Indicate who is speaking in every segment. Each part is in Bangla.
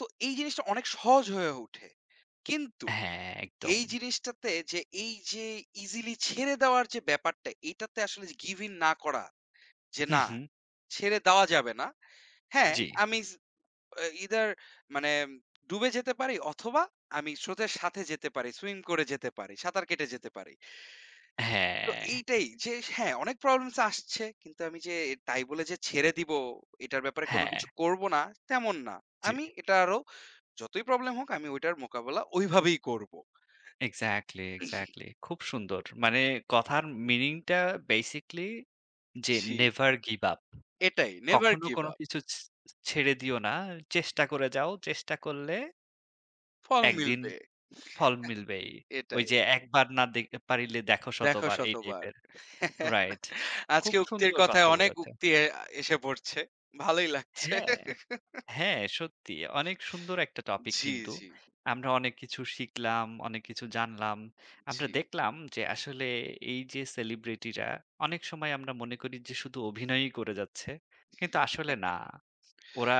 Speaker 1: তো এই জিনিসটা অনেক সহজ হয়ে উঠে। কিন্তু
Speaker 2: হ্যাঁ, একদম।
Speaker 1: এই জিনিসটাতে যে এই যে ইজিলি ছেড়ে দেওয়ার যে ব্যাপারটা, এটাতে আসলে গিভইন না করা যে
Speaker 2: হুম,
Speaker 1: না,
Speaker 2: হুম।
Speaker 1: ছেড়ে দেওয়া যাবে না। হ্যাঁ,
Speaker 2: জি।
Speaker 1: আমি ইস ইদার মানে ডুবে যেতে পারি, অথবা আমি স্রোতের সাথে যেতে পারি, সুইং করে যেতে পারি, সাঁতার কেটে যেতে পারি। তো
Speaker 2: হ্যাঁ।
Speaker 1: এইটাই যে হ্যাঁ, অনেক প্রবলেমস আসছে। কিন্তু আমি যে তাই বলে ছেড়ে দিবো, এটার ব্যাপারে কোন
Speaker 2: হ্যাঁ।
Speaker 1: কিছু করব না তেমন না।
Speaker 2: জি।
Speaker 1: আমি এটা আরও যতই প্রবলেম হোক, আমি ওটার মোকাবেলা ওই ভাবেই করবো।
Speaker 2: এক্সাক্টলি, এক্সাক্টলি খুব সুন্দর। মানে কথার মিনিংটা বেসিক্যলি যে
Speaker 1: জি।
Speaker 2: নেভার গিভ আপ
Speaker 1: এটাই, নেভার
Speaker 2: কখনো
Speaker 1: গিভ
Speaker 2: কোনো
Speaker 1: আপ।
Speaker 2: কিছু ছ ছেড়ে দিও না। চেষ্টা করে যাও, চেষ্টা করলে
Speaker 1: ফল
Speaker 2: একদিন
Speaker 1: মিলবে।
Speaker 2: ফল মিলবেই ঐ
Speaker 1: এটাই।
Speaker 2: যে “একবার না দে পারিলে দেখো
Speaker 1: দেখো
Speaker 2: শতবার” এই
Speaker 1: শতবার।
Speaker 2: টাইপের। রাইট, খুব
Speaker 1: আজকে উক্তির
Speaker 2: সুন্দর কথা
Speaker 1: কথায় অনেক
Speaker 2: বলেছে
Speaker 1: উক্তি আ এসে পড়ছে। ভালোই লাগছে।
Speaker 2: হ্যাঁ, হ্যাঁ, সত্যি। অনেক সুন্দর একটা টপিক
Speaker 1: জি,
Speaker 2: কিন্তু।
Speaker 1: জি।
Speaker 2: আমরা অনেক কিছু শিখলাম, অনেক কিছু জানলাম। আমরা
Speaker 1: জি।
Speaker 2: দেখলাম যে আসলে এই যে সেলিব্রিটিরা, অনেক সময় আমরা মনে করি যে শুধু অভিনয়ই করে যাচ্ছে। কিন্তু আসলে না ওরা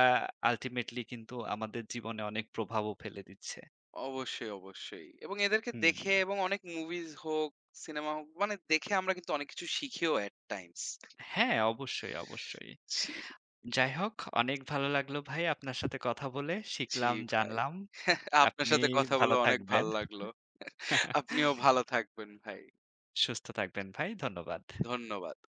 Speaker 2: আল্টিমেটলি কিন্তু আমাদের জীবনে অনেক প্রভাবও ফেলে দিচ্ছে।
Speaker 1: অবশ্যই, অবশ্যই। এবং এদেরকে
Speaker 2: হুম।
Speaker 1: দেখে এবং অনেক মুভিজ হোক, সিনেমা হোক মানে দেখে আমরা কিন্তু অনেক কিছু শিখিও, এট টাইমস।
Speaker 2: হ্যাঁ, অবশ্যই, অবশ্যই।
Speaker 1: জি।
Speaker 2: যাই হোক, অনেক ভালো লাগলো ভাই আপনার সাথে কথা বলে
Speaker 1: জি,
Speaker 2: শিখলাম,
Speaker 1: ভাই।
Speaker 2: জানলাম।
Speaker 1: আপনার
Speaker 2: আপনি
Speaker 1: সাথে কথা বলে
Speaker 2: ভালো
Speaker 1: অনেক ভাল
Speaker 2: থাকবেন।
Speaker 1: লাগলো। আপনিও ভালো থাকবেন ভাই।
Speaker 2: সুস্থ থাকবেন ভাই। ধন্যবাদ।
Speaker 1: ধন্যবাদ।